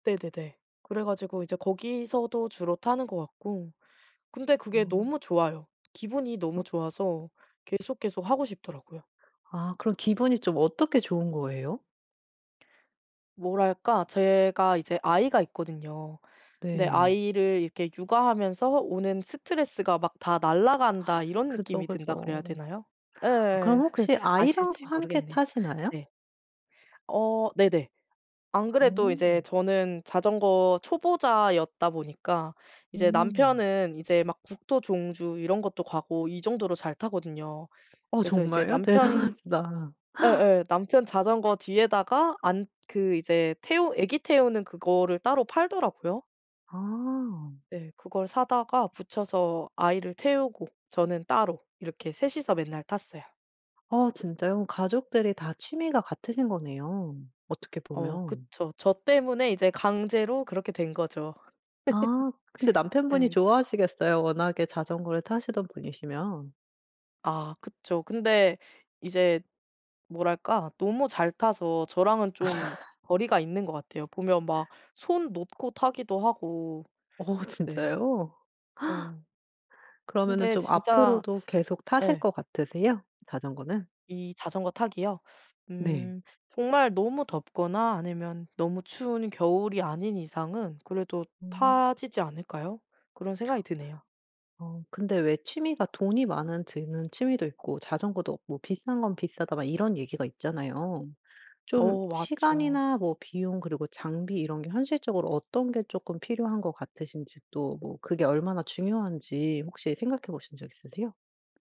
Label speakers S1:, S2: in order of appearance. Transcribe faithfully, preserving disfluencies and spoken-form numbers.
S1: 네네네. 그래 가지고 이제 거기서도 주로 타는 것 같고 근데 그게
S2: 어.
S1: 너무 좋아요. 기분이
S2: 어.
S1: 너무 좋아서 계속, 계속 하고 싶더라고요.
S2: 아 그럼 기분이 좀 어떻게 좋은 거예요?
S1: 뭐랄까? 제가 이제 아이가 있거든요. 근데
S2: 네.
S1: 아이를 이렇게 육아하면서 오는 스트레스가 막 다 날아간다 이런
S2: 그죠,
S1: 느낌이 든다 그래야
S2: 그죠.
S1: 되나요?
S2: 아 그럼
S1: 예예예.
S2: 혹시 아이랑도
S1: 아실지
S2: 함께
S1: 모르겠네요.
S2: 타시나요?
S1: 네. 어 네네. 안 그래도 이제
S2: 어.
S1: 저는 자전거 초보자였다 보니까 이제
S2: 음.
S1: 남편은 이제 막 국토 종주 이런 것도 가고 이 정도로 잘 타거든요.
S2: 어
S1: 그래서 이제
S2: 정말요?
S1: 남편
S2: 대단하시다.
S1: 예예. 남편 자전거 뒤에다가 안 그 이제 태우 애기 태우는 그거를 따로 팔더라고요.
S2: 아.
S1: 예. 그걸 사다가 붙여서 아이를 태우고 저는 따로 이렇게 셋 이서 맨날 탔어요.
S2: 아 진짜요? 가족들이 다 취미가 같으신 거네요, 어떻게
S1: 어
S2: 보면.
S1: 그쵸. 저 때문에 이제 강제로 그렇게 된 거죠.
S2: 아. 근데 남편분이
S1: 예.
S2: 좋아하시겠어요, 워낙에 자전거를 타시던 분이시면.
S1: 아 그쵸. 근데 이제 뭐랄까? 너무 잘 타서 저랑은 좀 거리가 있는 것 같아요. 보면 막 손 놓고 타기도 하고.
S2: 어
S1: 네.
S2: 진짜요?
S1: 어.
S2: 그러면은
S1: 근데
S2: 좀
S1: 진짜
S2: 앞으로도 계속 타실
S1: 예.
S2: 것 같으세요, 자전거는?
S1: 이 자전거 타기요?
S2: 네.
S1: 음. 정말 너무 덥거나 아니면 너무 추운 겨울이 아닌 이상은 그래도
S2: 어.
S1: 타지지 않을까요? 그런 생각이 드네요.
S2: 어 근데 왜 취미가 돈이 많은 드는 취미도 있고 자전거도 없고 비싼 건 비싸다 막 이런 얘기가 있잖아요. 좀
S1: 어 맞죠.
S2: 시간이나 뭐 비용 그리고 장비 이런 게 현실적으로 어떤 게 쪼끔 필요한 것 같으신지 또 뭐 그게 얼마나 중요한지 혹시 생각해 보신 적 있으세요?